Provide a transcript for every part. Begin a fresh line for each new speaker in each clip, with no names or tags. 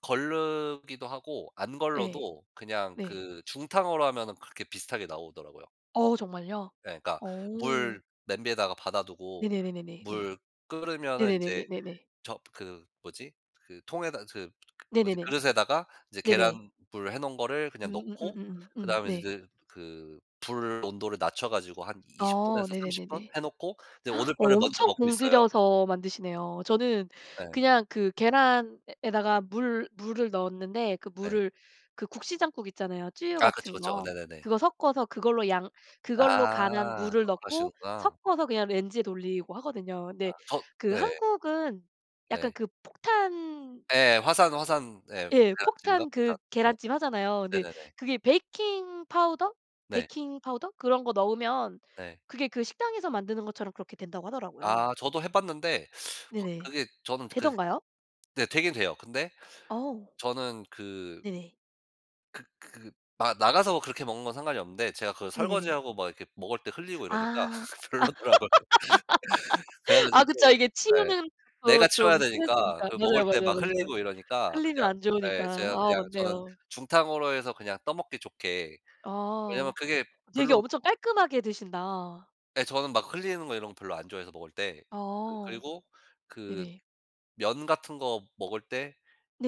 거르기도 하고 안
예.
걸러도 그냥
네.
그 중탕으로 하면은 그렇게 비슷하게 나오더라고요.
어 정말요?
예 그러니까 물
어.
냄비에다가 받아 두고
네네네네네 네.
물 끓으면은 인제
네네네네네네.
저 그 뭐지? 그 통에다 그 뭐지?
네네네.
그릇에다가 이제
네네.
계란 불 해 놓은 거를 그냥 넣고
음음음음음 음
그다음에 이제
네.
드 그 불 온도를 낮춰 가지고 한 20
아
분에서 30 분
네네네네.
해 놓고 이제 오돌뼈를 먼저
엄청
먹고 있어요.
공들여서 만드시네요. 저는
예.
그냥 그 계란에다가 물 물을 넣었는데 그
네.
물을 그 국시 장국 있잖아요. 쯔유
아 그쵸,
같은
그쵸.
거.
네네네.
그거 섞어서 그걸로 양 그걸로 간한
아
물을
그런거
넣고
하시는구나.
섞어서 그냥 레인지에 돌리고 하거든요.
아
네
저
그
네.
한국은 약간
네.
그 폭탄
예 화산 화산 예
예
계란찜인가?
폭탄
닷
그
네.
계란찜 하잖아요. 네
네네네.
그게 베이킹파우더?
네.
베이킹파우더 그런 거 넣으면
네.
그게 그 식당에서 만드는 것처럼 그렇게 된다고
아
하더라고요.
저도 해 봤는데 확
네네.
그게 저는 그
되던가요?
네 되긴 돼요. 근데
어.
저는 그
네네.
그 그 아 나가서 그렇게 먹는 건 상관이 없는데 제가 그
네네네.
설거지하고 막 이렇게 먹을 때 흘리고 이러니까
아.
별로더라고요. 그래
아 그쵸.
가지고
이게
예
치우는 것도
내가
좀
치워야 되니까
스트레스니까.
그 먹을
맞아요
때
맞아요
막
맞아요.
흘리고 이러니까
흘리면
그냥
안 좋으니까.
예 제가
아
그냥 저는
맞네요.
중탕으로 해서 그냥 떠먹기 좋게. 왜냐하면
아
그게
되게
별로
엄청 깔끔하게 드신다.
예 저는 막 흘리는 거 이런 거 별로 안 좋아해서 먹을 때. 그
아
그리고 그
네네.
면 같은 거 먹을 때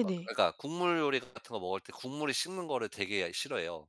막 그러니까 국물 요리 같은 거 먹을 때 국물이 식는 거를 되게 싫어해요.